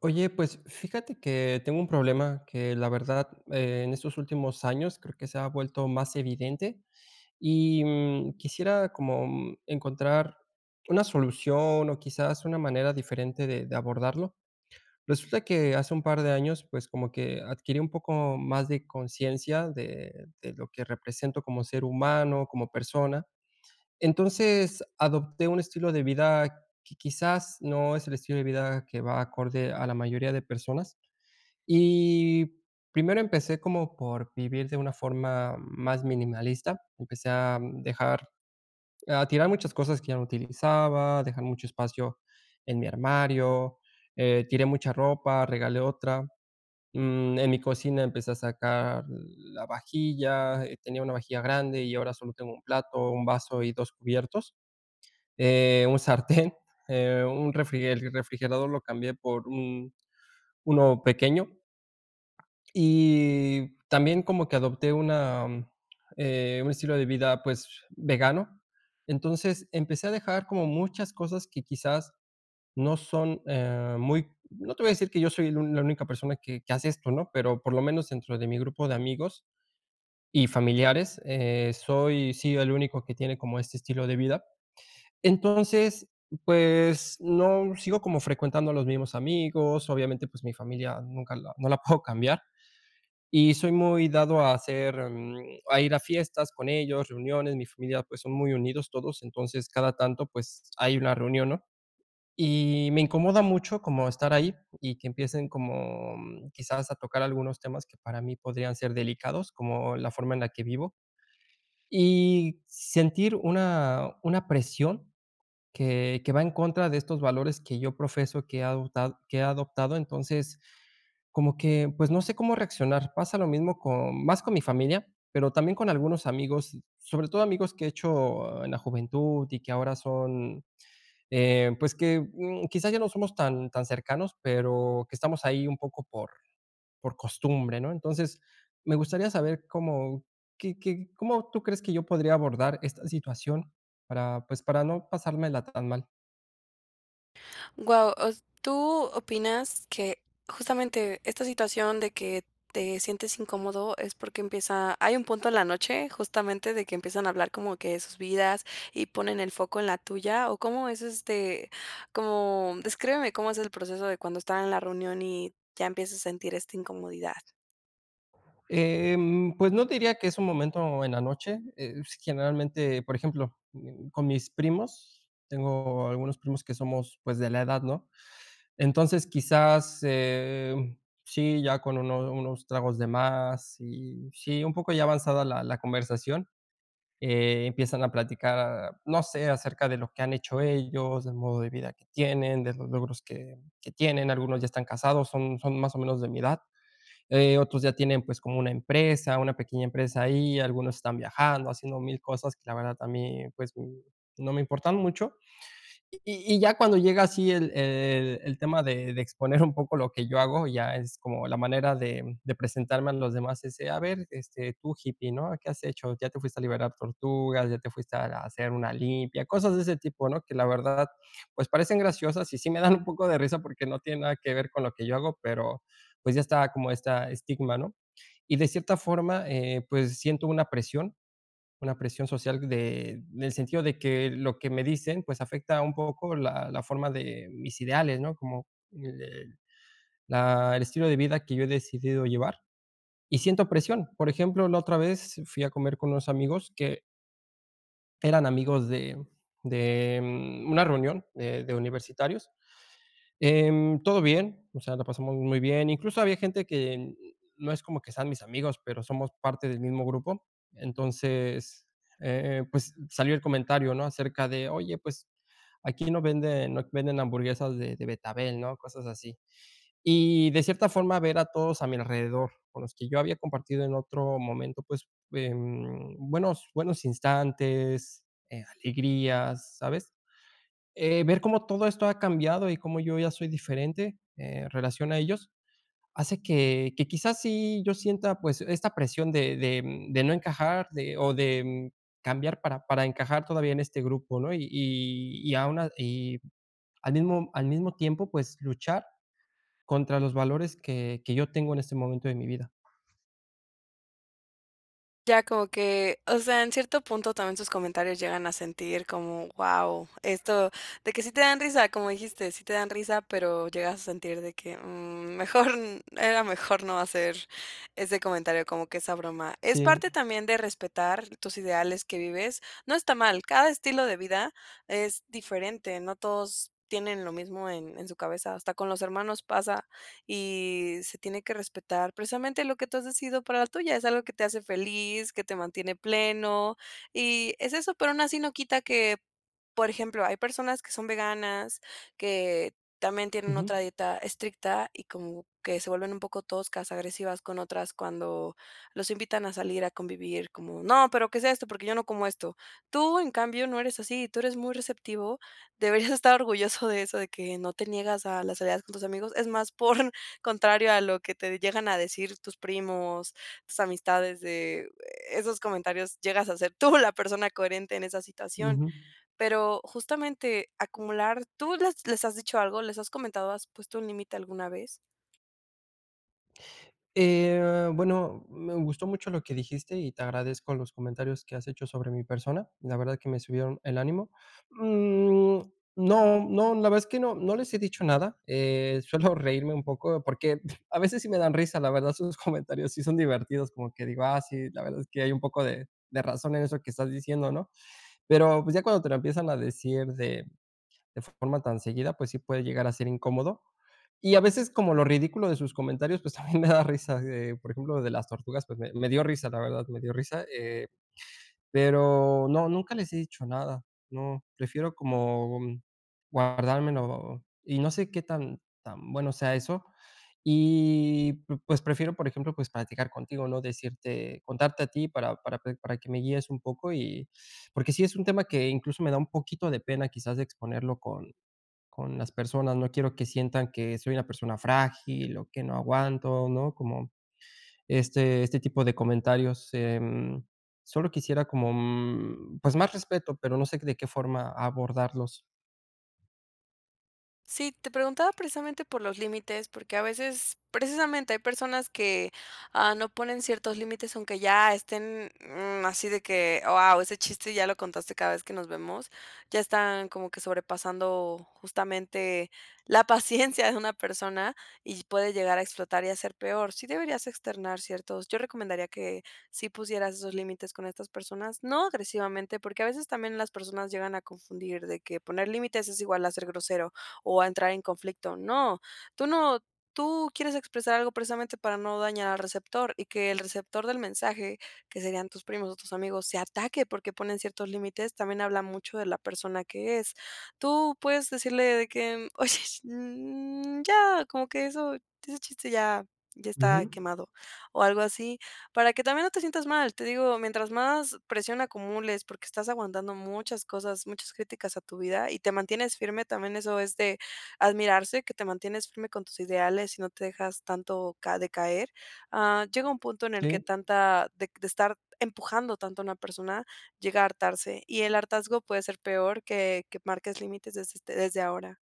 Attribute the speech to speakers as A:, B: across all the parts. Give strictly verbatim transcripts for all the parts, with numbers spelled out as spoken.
A: Oye, pues, fíjate que tengo un problema que, la verdad, en estos últimos años creo que se ha vuelto más evidente. Y, mm, quisiera como encontrar una solución o quizás una manera diferente de de abordarlo. Resulta que hace un par de años, pues, como que adquirí un poco más de consciencia de de lo que represento como ser humano, como persona. Entonces, adopté un estilo de vida que quizás no es el estilo de vida que va acorde a la mayoría de personas. Y primero empecé como, por vivir de una forma más minimalista. Empecé a dejar a tirar muchas cosas que ya no utilizaba, dejar mucho espacio en mi armario, eh, tiré mucha ropa, regalé otra, mm, en mi cocina empecé a sacar la vajilla, tenía una vajilla grande y ahora solo tengo un plato, un vaso y dos cubiertos, eh, un sartén, eh, un refrige el refrigerador lo cambié por un uno pequeño, y también como que adopté una eh, un estilo de vida, pues, vegano, entonces, empecé a dejar como muchas cosas que quizás no son, eh, muy no te voy a decir que yo soy el la única persona que que hace esto, ¿no? Pero, por lo menos, dentro de mi grupo de amigos y familiares, eh, soy sí el único que tiene como este estilo de vida. Entonces, pues, no sigo como frecuentando a los mismos amigos. Obviamente, pues, mi familia nunca la no la puedo cambiar y soy muy dado a hacer, mm, a ir a fiestas con ellos, reuniones. Mi familia pues, son muy unidos todos, entonces cada tanto pues, hay una reunión, ¿no? Y me incomoda mucho como estar ahí y que empiecen como quizás a tocar algunos temas que para mí podrían ser delicados, como la forma en la que vivo. Y sentir una una presión que que va en contra de estos valores que yo profeso, que he adotad que he adoptado. Entonces, como que, pues, no sé cómo reaccionar. Pasa lo mismo con más con mi familia, pero también con algunos amigos, sobre todo amigos que he hecho en la juventud y que ahora son, eh, pues que, mm, quizás ya no somos tan tan cercanos, pero que estamos ahí un poco por por costumbre, ¿no? Entonces, me gustaría saber cómo qué qué cómo tú crees que yo podría abordar esta situación para, pues, para no pasármela tan mal.
B: Guau. O s tú opinas que, justamente, esta situación de que te sientes incómodo, es porque empieza hay un punto en la noche, justamente, de que empiezan a hablar como que de sus vidas y ponen el foco en la tuya, o cómo es este como descríbeme cómo es el proceso de cuando están en la reunión y ya empiezas a sentir esta incomodidad.
A: Em, pues, no te diría que es un momento en la noche, es, generalmente, por ejemplo, mm, con mis primos, tengo algunos primos que somos, pues, de la edad, ¿no? Entonces, quizás, eh, sí, ya con unos unos tragos de más, y, sí, un poco ya avanzada la la conversación, eh, empiezan a platicar, no sé, acerca de lo que han hecho ellos, del modo de vida que tienen, de los logros que que tienen, algunos ya están casados, son son, más o menos, de mi edad. Eh, otros ya tienen, pues, como una empresa, una pequeña empresa ahí, algunos están viajando, haciendo mil cosas que, la verdad, a mí, pues, no me importan mucho. Y y y ya cuando llega así el el el tema de de exponer un poco lo que yo hago, ya es como la manera de de presentarme a los demás, ese: "A ver, este, tú hippie, ¿no? ¿Qué has hecho? ¿Ya te fuiste a liberar tortugas? ¿Ya te fuiste a a hacer una limpia?" Cosas de ese tipo, ¿no? Que la verdad, pues, parecen graciosas, y sí me dan un poco de risa, porque no tiene nada que ver con lo que yo hago, pero, pues, ya está como esta estigma, ¿no? Y de cierta forma, eh, pues, siento una presión, una presión social de en el sentido de que lo que me dicen, pues, afecta un poco la la forma de mis ideales, ¿no? Como el la el estilo de vida que yo he decidido llevar, y siento presión. Por ejemplo, la otra vez fui a comer con unos amigos que eran amigos de de una reunión de de universitarios. Em, todo bien, o sea, la pasamos muy bien, incluso, había gente que no es como que sean mis amigos, pero somos parte del mismo grupo. Entonces, eh, pues, salió el comentario, ¿no? Acerca de: "Oye, pues, aquí no venden no venden hamburguesas de de betabel", ¿no?, cosas así. Y de cierta forma, ver a todos a mi alrededor, con los que yo había compartido en otro momento, pues, em, buenos buenos instantes, eh, alegrías, ¿sabes?, eh, ver cómo todo esto ha cambiado y cómo yo ya soy diferente, en relación a ellos, hace que que quizás sí, yo sienta, pues, esta presión de de de no encajar de o de, mm, cambiar para para encajar todavía en este grupo, ¿no? Y y y a una y al mismo al mismo tiempo, pues, luchar contra los valores que que yo tengo en este momento de mi vida.
B: Ya como que, o sea, en cierto punto, también sus comentarios llegan a sentir como, guau, esto, de que sí te dan risa, como dijiste: "Sí te dan risa", pero llegas a sentir de que, mm, mejor era mejor no hacer ese comentario, como que esa broma. Es parte
A: Sí.
B: también de respetar tus ideales que vives, no está mal, cada estilo de vida es diferente, no todos tienen lo mismo en en su cabeza, hasta con los hermanos pasa y se tiene que respetar, precisamente, lo que tú has decidido para la tuya, es algo que te hace feliz, que te mantiene pleno, y es eso, pero aún así no quita que, por ejemplo, hay personas que son veganas, que también tienen
A: Ujú.
B: otra dieta estricta y como que se vuelven un poco toscas, agresivas con otras cuando los invitan a salir a convivir como: "No, pero que sea esto, porque yo no como esto". Tú, en cambio, no eres así, tú eres muy receptivo, deberías estar orgulloso de eso, de que no te niegas a las salidas con tus amigos, es más, por contrario a lo que te llegan a decir tus primos, tus amistades de esos comentarios, llegas a ser tú la persona coherente en esa situación.
A: Ujú.
B: Pero justamente, acumular, ¿tú les les has dicho algo, les has comentado, has puesto un límite alguna vez?
A: Eh, bueno, me gustó mucho lo que dijiste y te agradezco los comentarios que has hecho sobre mi persona, la verdad, que me subieron el ánimo. Mm, no no, la verdad es que no, no les he dicho nada, eh, suelo reírme un poco, porque, a veces sí me dan risa, la verdad, sus comentarios sí son divertidos, como que digo: "Ah, sí, la verdad es que hay un poco de de razón en eso que estás diciendo, ¿no?", pero, pues, ya cuando te lo empiezan a decir de de forma tan seguida, pues sí puede llegar a ser incómodo, y a veces, como lo ridículo de sus comentarios, pues, también me da risa, así de, por ejemplo, de las tortugas, pues, me me dio risa, la verdad, me dio risa, eh, pero no, nunca les he dicho nada, no, prefiero como, mm, guardármelo y no sé, qué tan tan bueno sea eso, y pu pues, prefiero, por ejemplo, pues platicar contigo, ¿no?, decirte contarte a ti para para pe para que me guíes un poco. Y, porque sí es un tema que, incluso, me da un poquito de pena, quizás, de exponerlo con con las personas, no quiero que sientan que soy una persona frágil o que no aguanto, ¿no?, como este este tipo de comentarios, em, solo quisiera como, mm, pues, más respeto, pero no sé, de qué forma abordarlos.
B: Sí, te preguntaba precisamente por los límites, porque a veces, precisamente, hay personas que, ah, no ponen ciertos límites, aunque ya estén, mm, así de que: "Guau, ese chiste ya lo contaste, cada vez que nos vemos". Ya están como que sobrepasando, justamente, la paciencia de una persona, y puede llegar a explotar y a ser peor. Sí deberías externar ciertos yo recomendaría que sí pusieras esos límites con estas personas. No agresivamente, porque, a veces también, las personas llegan a confundir de que poner límites es igual a ser grosero, o a entrar en conflicto. No, tú no tú quieres expresar algo, precisamente, para no dañar al receptor, y que el receptor del mensaje, que serían tus primos o tus amigos, se ataque porque ponen ciertos límites, también habla mucho de la persona que es. Tú puedes decirle de que: "Oye, mm, ya, como que eso, ese chiste ya ya está
A: Ujú.
B: quemado", o algo así, para que también no te sientas mal, te digo, mientras más presión acumules, porque estás aguantando muchas cosas, muchas críticas a tu vida, y te mantienes firme también eso es de admirarse, que te mantienes firme con tus ideales y no te dejas tanto ca decaer, ah, llega un punto en el que
A: Sí.
B: tanta de de estar empujando tanto a una persona llega a hartarse, y el hartazgo puede ser peor que que marques límites desde, este, desde ahora.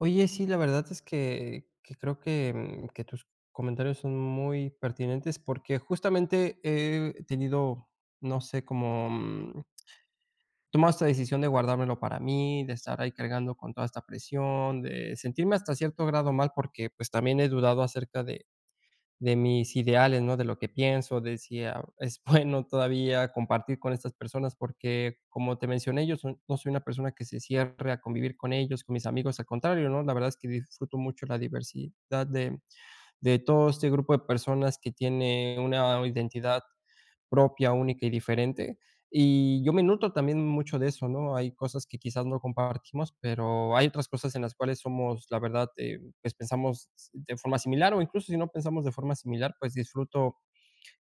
A: Oye, sí, la verdad es que que creo que, mm, que tus comentarios son muy pertinentes, porque justamente he tenido, no sé, como, mm Tomar esta decisión de guardármelo para mí, de estar ahí cargando con toda esta presión, de sentirme hasta cierto grado mal, porque, pues, también he dudado acerca de de mis ideales, ¿no? De lo que pienso, de si ah, es bueno todavía compartir con estas personas. Porque, como te mencioné, yo soy no soy una persona que se cierre a convivir con ellos, con mis amigos, al contrario, ¿no? La verdad es que disfruto mucho la diversidad de, mm, de todo este grupo de personas que tiene una identidad propia, única y diferente. Y yo me noto también mucho de eso, ¿no? Hay cosas que quizás no compartimos, pero hay otras cosas en las cuales somos la verdad, eh, pues pensamos de forma similar, o incluso, si no pensamos de forma similar, pues disfruto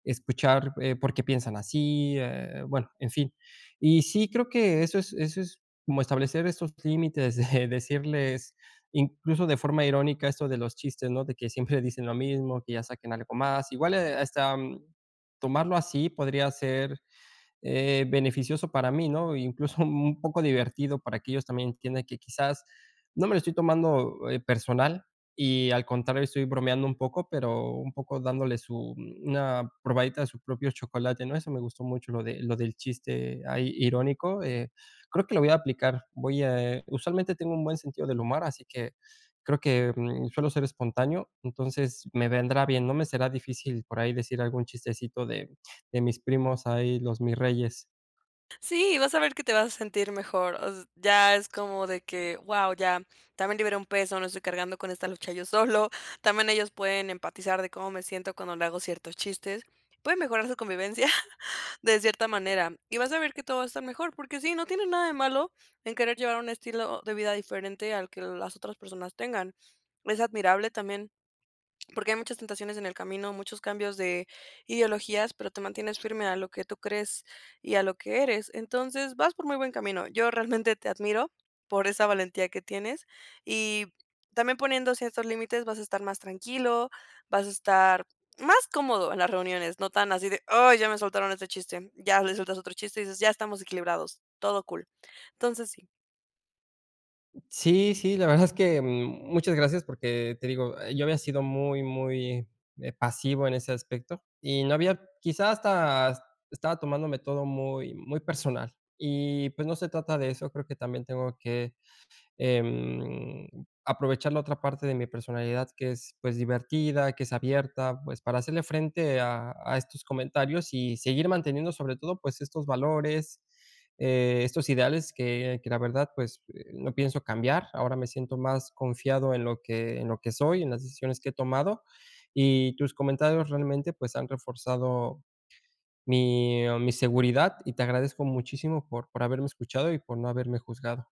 A: escuchar, eh, por qué piensan así, eh, bueno, en fin. Y sí, creo que eso es eso es como establecer esos límites, de decirles incluso, de forma irónica, esto de los chistes, ¿no? De que siempre dicen lo mismo, que ya saquen algo más, igual, eh, hasta, mm, tomarlo así podría ser, eh, beneficioso para mí, ¿no? Incluso, un poco divertido, para que ellos también entiendan que, quizás, no me lo estoy tomando, eh, personal, y al contrario estoy bromeando un poco, pero un poco dándole su mm, una probadita de su propio chocolate, ¿no? Eso me gustó mucho, lo de lo del chiste ahí irónico, eh, creo que lo voy a aplicar. Voy a, eh, usualmente tengo un buen sentido del humar, así que, creo que, mm, suelo ser espontáneo, entonces me vendrá bien. No me será difícil por ahí decir algún chistecito de de mis primos ahí, los mirreyes.
B: Sí, vas a ver que te vas a sentir mejor, os ya es como de que "guau, ya también libré un peso, no estoy cargando con esta lucha yo solo, también ellos pueden empatizar de cómo me siento cuando le hago ciertos chistes". Puede mejorar su convivencia de cierta manera, y vas a ver que todo va a estar mejor, porque sí, no tienes nada de malo en querer llevar un estilo de vida diferente, al que el las otras personas tengan. Es admirable también, porque hay muchas tentaciones en el camino, muchos cambios de ideologías, pero te mantienes firme a lo que tú crees y a lo que eres. Entonces, vas por muy buen camino. Yo realmente te admiro por esa valentía que tienes, y también poniendo ciertos límites, vas a estar más tranquilo, vas a estar más cómodo en las reuniones, no tan así de, "¡ay!, ya me soltaron este chiste", ya les sueltas otro chiste y dices: "Ya estamos equilibrados, todo cool". Entonces, sí.
A: Sí, sí, la verdad es que, mm, muchas gracias, porque te digo, yo había sido muy, muy, eh, pasivo en ese aspecto y no había quizá hasta estaba tomándome todo muy muy personal y pues, no se trata de eso. Creo que también tengo que, em, aprovechar la otra parte de mi personalidad que es, pues, divertida, que es abierta, pues, para hacerle frente a a estos comentarios y seguir manteniendo sobre todo, pues, estos valores, eh, estos ideales que que la verdad, pues, no pienso cambiar. Ahora me siento más confiado en lo que en lo que soy, en las decisiones que he tomado. Y tus comentarios realmente, pues, han reforzado mi mi seguridad y te agradezco muchísimo por por haberme escuchado y por no haberme juzgado.